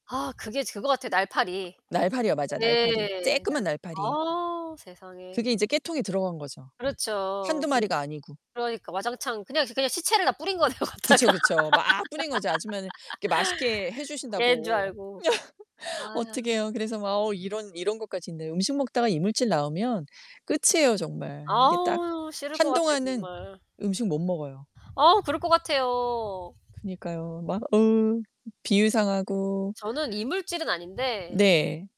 아 그게 즈 그거 같아. 날파리. 날파리요. 맞아 날파리, 예. 쬐끄만 날파리. 어 세상에. 그게 이제 깨통에 들어간 거죠. 1-2 그렇죠. 근데 마리가 아니고. 그러니까 와장창 그냥 그냥 시체를 다 뿌린 거네요, 그쵸, 갖다가 그쵸. 막 뿌린거지, 아줌마는 이렇게 맛있게 해 깨인 줄 주신다고. 알고. 아휴. 어떡해요. 그래서 막 어 이런 이런 것까지 있네. 음식 먹다가 이물질 나오면 끝이에요 정말. 이게 딱 아우, 싫을 것 같아요, 한동안은 정말. 음식 못 먹어요. 어 그럴 것 같아요. 그니까요. 막 으 비위상하고. 저는 이물질은 아닌데 네.